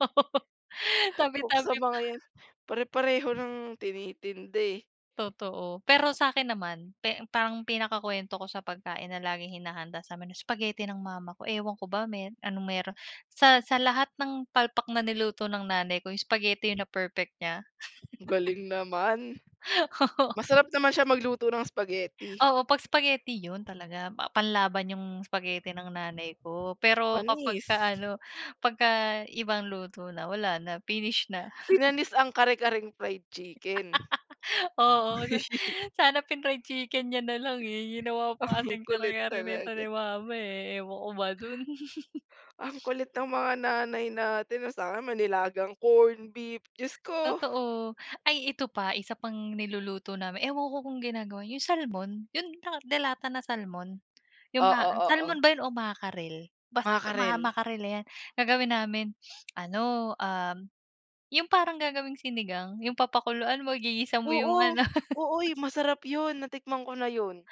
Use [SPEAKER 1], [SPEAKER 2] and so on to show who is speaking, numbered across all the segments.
[SPEAKER 1] Oo,
[SPEAKER 2] Tabi-tabi
[SPEAKER 1] sa
[SPEAKER 2] pa.
[SPEAKER 1] mga yan, pare-pareho ng tinitintinda eh.
[SPEAKER 2] Totoo, pero sa'kin naman parang pinakakwento ko sa pagkain na laging hinahanda samin, spaghetti ng mama ko. Ewan ko ba meron anong meron sa sa lahat ng palpak na niluto ng nanay ko yung spaghetti na perfect nya.
[SPEAKER 1] Galing naman.
[SPEAKER 2] Oo.
[SPEAKER 1] Masarap naman siya magluto ng spaghetti?
[SPEAKER 2] Oo, 'pag spaghetti yun talaga pa panlaban yung spaghetti ng nanay ko. Pero kapag
[SPEAKER 1] Panis.
[SPEAKER 2] ka ano pagka ibang luto na wala na finish na.
[SPEAKER 1] Pinanis ang kare-karing fried chicken.
[SPEAKER 2] Oo, sana pin-fried chicken nya nalang eh, ginawa pa
[SPEAKER 1] Ang
[SPEAKER 2] kasing
[SPEAKER 1] kulit
[SPEAKER 2] kara-kare nito ni
[SPEAKER 1] talaga.
[SPEAKER 2] mama eh, ewan ko ba dun?
[SPEAKER 1] Ang kulit ng mga Nanay natin. Sa'kin may nilagang corn beef, Diyos ko!
[SPEAKER 2] Totoo, ay ito pa isa pang niluluto namin. Ewan ko kung ginagawa nyo yung Salmon? Yung delata na Salmon? Yung ma
[SPEAKER 1] Oo, oo.
[SPEAKER 2] Salmon ba yun o Mackerel? Basta
[SPEAKER 1] Mackerel.
[SPEAKER 2] Mackerel yan, gagawin namin ano ah, yung parang gagawing sinigang yung papakuluan mo, igigisa mo yung
[SPEAKER 1] Oo,
[SPEAKER 2] ano?
[SPEAKER 1] oo masarap yun natikman ko na yun.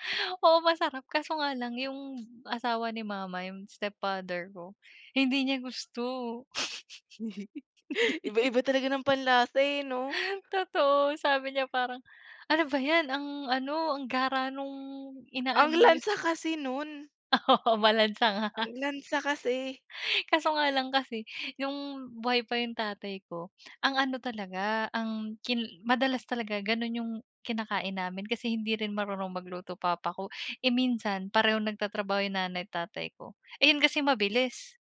[SPEAKER 2] Oo, masarap kaso nga lang yung asawa ni Mama, yung Stepfather ko hindi niya gusto.
[SPEAKER 1] Iba-iba talaga ng panlase eh 'no?
[SPEAKER 2] Totoo, sabi niya parang ano ba yan ang ano, ang gara nung
[SPEAKER 1] Ang
[SPEAKER 2] ina-ano yun.
[SPEAKER 1] lansa kasi nun.
[SPEAKER 2] Oo, malansa nga.
[SPEAKER 1] Ang lansa kasi.
[SPEAKER 2] Kaso nga lang kasi yung buhay pa yung tatay ko, ang ano talaga ang kin madalas talaga ganun yung kinakain namin, kasi hindi rin marunong magluto papa ko. Eh, minsan parehong nagtatrabaho yung nanay, tatay ko. Eh, yun kasi mabilis.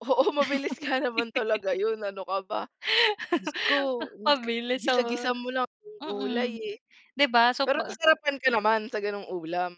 [SPEAKER 1] Oo, mabilis nga naman talaga yun, ano ka ba? Diyos ko
[SPEAKER 2] Mabilis oo,
[SPEAKER 1] gisa-gisa mo lang yung gulay
[SPEAKER 2] hmm,
[SPEAKER 1] eh.
[SPEAKER 2] 'di ba? So
[SPEAKER 1] Pero
[SPEAKER 2] pa
[SPEAKER 1] nasarapan ka naman sa ganong ulam?